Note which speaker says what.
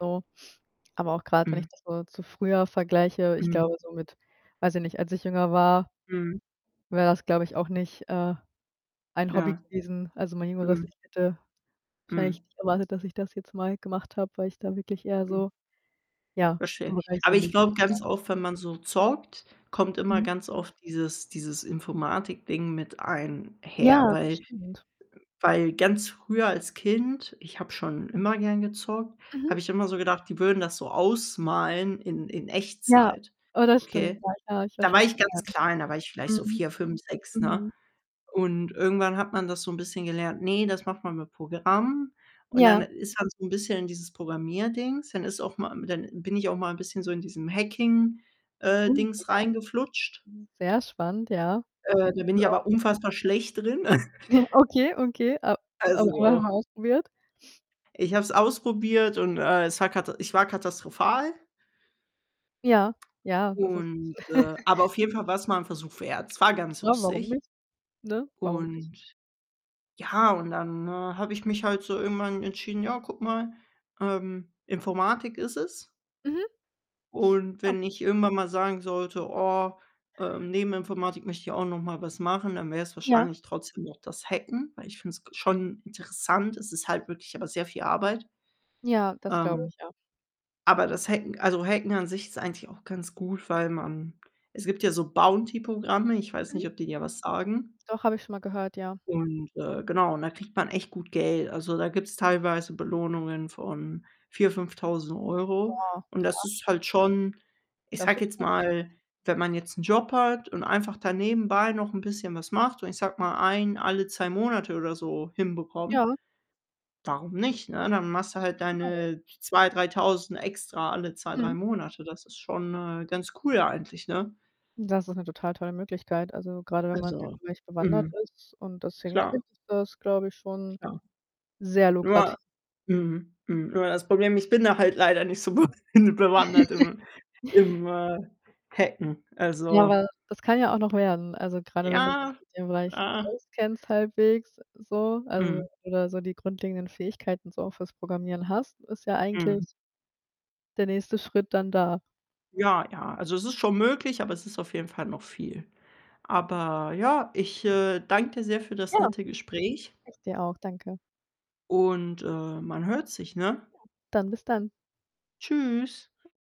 Speaker 1: So. Aber auch grad, wenn
Speaker 2: Mhm.
Speaker 1: ich das so zu früher vergleiche, ich
Speaker 2: Mhm.
Speaker 1: glaube so mit weiß ich nicht, als ich jünger war
Speaker 2: Mhm.
Speaker 1: wäre es, glaube ich, auch nicht, äh, ein Hobby
Speaker 2: Ja.
Speaker 1: gewesen also, mein jüngeres
Speaker 2: Mhm.
Speaker 1: Ich hätte wahrscheinlich
Speaker 2: Mhm.
Speaker 1: nicht erwartet, dass ich das jetzt mal gemacht habe, weil ich da wirklich eher
Speaker 2: Mhm.
Speaker 1: so, ja.
Speaker 2: Verstehe ich. Aber ich glaube
Speaker 1: [unintelligible]
Speaker 2: ganz oft, wenn man so zockt, kommt immer
Speaker 1: Mhm.
Speaker 2: ganz oft dieses dieses Informatikding mit einher.
Speaker 1: Ja, das
Speaker 2: Weil
Speaker 1: stimmt.
Speaker 2: weil ganz früher als Kind ich habe schon immer gern gezockt,
Speaker 1: Mhm.
Speaker 2: habe ich immer so gedacht, die würden das so ausmalen in in
Speaker 1: Ja,
Speaker 2: Echtzeit,
Speaker 1: oh, das stimmt,
Speaker 2: okay?
Speaker 1: ja, [unintelligible] ich weiß
Speaker 2: Da
Speaker 1: schon,
Speaker 2: war
Speaker 1: [unintelligible]
Speaker 2: ich
Speaker 1: die
Speaker 2: ganz
Speaker 1: sagen.
Speaker 2: klein, da war ich vielleicht so
Speaker 1: Mhm.
Speaker 2: 4, 5, 6, ne?
Speaker 1: Mhm.
Speaker 2: Und irgendwann hat man das so 'n bisschen gelernt: „Ne, das macht man mit Programmen.“ Und dann
Speaker 1: Ja.
Speaker 2: ist man so 'n bisschen in dieses Programmierdings. Dann ist auch mal dann bin ich auch mal 'n bisschen so in diesem Hacking äh,
Speaker 1: [unintelligible]
Speaker 2: Dings reingeflutscht.
Speaker 1: Hm, sehr spannend, ja.
Speaker 2: Äh,
Speaker 1: Sieht.
Speaker 2: da bin ich
Speaker 1: [unintelligible]
Speaker 2: aber unfassbar schlecht drin.
Speaker 1: Okay, okay, a a aber [unintelligible]
Speaker 2: Also
Speaker 1: ausprobiert.
Speaker 2: ich habe es ausprobiert und, äh, es war kata ich war katastrophal.
Speaker 1: Ja, ja, das ist
Speaker 2: Und äh, aber auf jeden Fall war's mal 'n Versuch wert. Es war ganz
Speaker 1: Ja, warum
Speaker 2: lustig.
Speaker 1: nicht? Ne, warum nicht?
Speaker 2: Und ja, und dann, äh, habe ich mich halt so irgendwann entschieden: „Ja, guck mal, ähm, Informatik ist es.“
Speaker 1: Mhm.
Speaker 2: Und
Speaker 1: Ja.
Speaker 2: wenn ich irgendwann mal sagen sollte: „Oh, ähm, neben Informatik möchte ich auch noch mal was machen“, dann wäre es
Speaker 1: Ja.
Speaker 2: wahrscheinlich trotzdem noch das Hacken, weil ich finde es ge schon interessant. Es ist halt wirklich aber sehr viel Arbeit.
Speaker 1: Ja, das glaube
Speaker 2: Ähm,
Speaker 1: ich, ja.
Speaker 2: aber das Hacken also, Hacken an sich ist eigentlich auch ganz gut, weil man es gibt ja so Bounty-Programme, ich weiß nicht,
Speaker 1: Mhm.
Speaker 2: ob die dir was sagen.
Speaker 1: Doch, habe ich schon mal gehört, ja.
Speaker 2: Und äh, genau, und da kriegt man echt gut Geld. Also, da gibt's teilweise Belohnungen von 4- 5.000 €
Speaker 1: Boah,
Speaker 2: und das
Speaker 1: kra
Speaker 2: ist halt schon ich
Speaker 1: Das
Speaker 2: sage
Speaker 1: ist
Speaker 2: jetzt
Speaker 1: gut, das [unintelligible]
Speaker 2: mal, wenn man jetzt 'n Job hat und einfach da nebenbei noch 'n bisschen was macht, und ich sage mal, 1 alle 2 Monate oder so hinbekommt,
Speaker 1: Ja.
Speaker 2: warum nicht, ne? Dann machst du halt
Speaker 1: [unintelligible]
Speaker 2: deine 2- 3.000 extra alle 2, 3
Speaker 1: Mhm.
Speaker 2: Monate. Das ist schon, äh, ganz cool eigentlich, ne?
Speaker 1: Das ist 'ne total tolle Möglichkeit. Also, grade wenn man in
Speaker 2: Also,
Speaker 1: dem Bereich bewandert
Speaker 2: mhm.
Speaker 1: ist und das
Speaker 2: Klar.
Speaker 1: hinkriegt, ist das, glaube ich, schon
Speaker 2: Klar.
Speaker 1: sehr lukrati
Speaker 2: Nur mhm, mhm. Nur das Problem, ich bin da halt leider nicht so be hin bewandert im im, äh, Hacken.
Speaker 1: Ja,
Speaker 2: Also
Speaker 1: aber das kann ja auch noch werden. Also, grade wenn das
Speaker 2: Ja.
Speaker 1: mit dem Bereich auskennst halbwegs so, also
Speaker 2: Mhm.
Speaker 1: oder so die grundlegenden Fähigkeiten so auch fürs Programmieren hast, ist ja
Speaker 2: Mhm.
Speaker 1: eigentlich der nächste Schritt dann da.
Speaker 2: Ja, ja, also, es ist schon möglich, aber es ist auf jeden Fall noch viel. Aber ja, ich, äh, danke dir sehr für das
Speaker 1: Ja,
Speaker 2: nette Gespräch
Speaker 1: ich dir auch, danke.
Speaker 2: und, äh, man hört sich, ne?
Speaker 1: Ja, dann bis dann.
Speaker 2: Tschüss.